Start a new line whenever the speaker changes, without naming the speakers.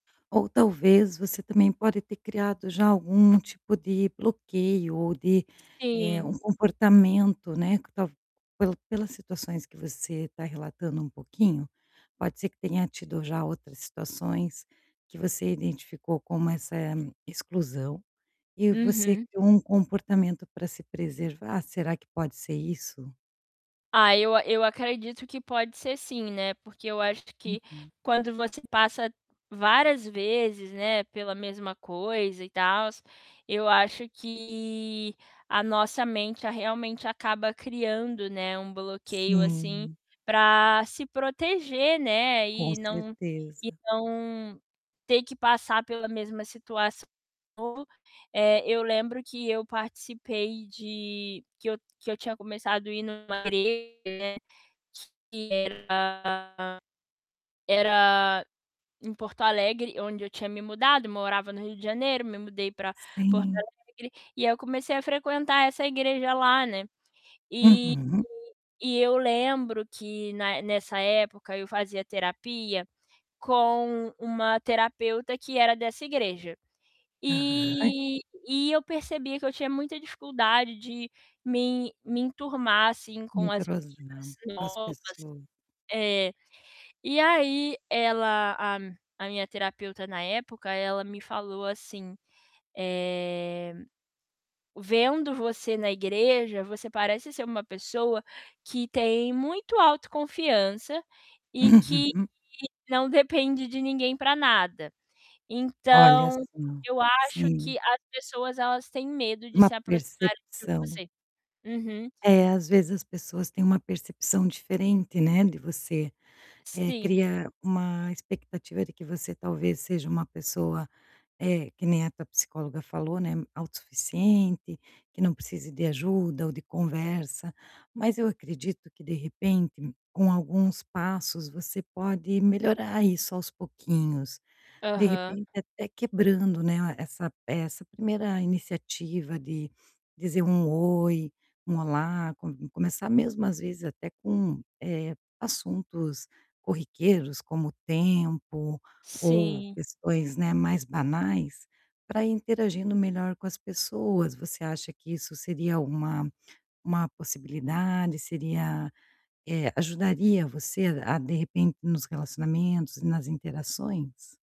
Ou talvez você também pode ter criado já algum tipo de bloqueio ou de, eh, um
Sim.
comportamento, né, que tal pela pelas situações que você tá relatando um pouquinho, pode ser que tenha tido já outras situações, que você identificou como essa exclusão e você
Uhum.
criou um comportamento para se preservar, será que pode ser isso?
Ah, eu eu acredito que pode ser sim, né, porque eu acho que
Uhum.
quando você passa várias vezes, né, pela mesma coisa e tals, eu acho que a nossa mente, realmente, acaba criando, né, um bloqueio assim
Sim.
pra se proteger, né,
Com
e não e
certeza.
não ter que passar pela mesma situação, de eh, eu lembro que eu participei de que eu que eu tinha começado ir numa igreja, né, que era era em Porto Alegre, onde eu tinha me mudado, morava no Rio de Janeiro, me mudei pra Porto
Sim.
Alegre, e aí eu comecei a frequentar essa igreja lá, né, e
Uhum.
e eu lembro que na nessa época eu fazia terapia, com uma terapeuta que era dessa igreja.
Aham.
E e eu percebia que eu tinha muita dificuldade de me me enturmar, assim,
Não
com as
entrosa,
meninas
com as
novas.
pessoas.
É. E aí ela, a a minha terapeuta na época, ela me falou assim. Eh, "Vendo você na igreja, você parece ser uma pessoa que tem muito autoconfiança e que
Uhum.
não depende de ninguém para nada.
Olha,
Então,
sim.
eu acho
Sim.
que as pessoas elas têm medo de
Uma
se aproximarem de
percepção.
você". Uhum.
É, às vezes as pessoas têm uma percepção diferente, né, de você, eh,
Sim.
cria uma expectativa de que você talvez seja uma pessoa, eh, que nem a tua psicóloga falou, né, auto suficiente, que não precise de ajuda ou de conversa, mas eu acredito que, de repente, com alguns passos, você pode melhorar isso aos pouquinhos. De
Aham.
repente até quebrando, né, essa essa 1ª iniciativa de dizer um "oi", um "olá", co começar mesmo às vezes até com, eh, assuntos corriqueiros, como o tempo, ou
Sim.
questões, né, mais banais, para ir interagindo melhor com as pessoas, você acha que isso seria uma uma possibilidade, seria, eh, ajudaria você a de repente, nos relacionamentos e nas interações?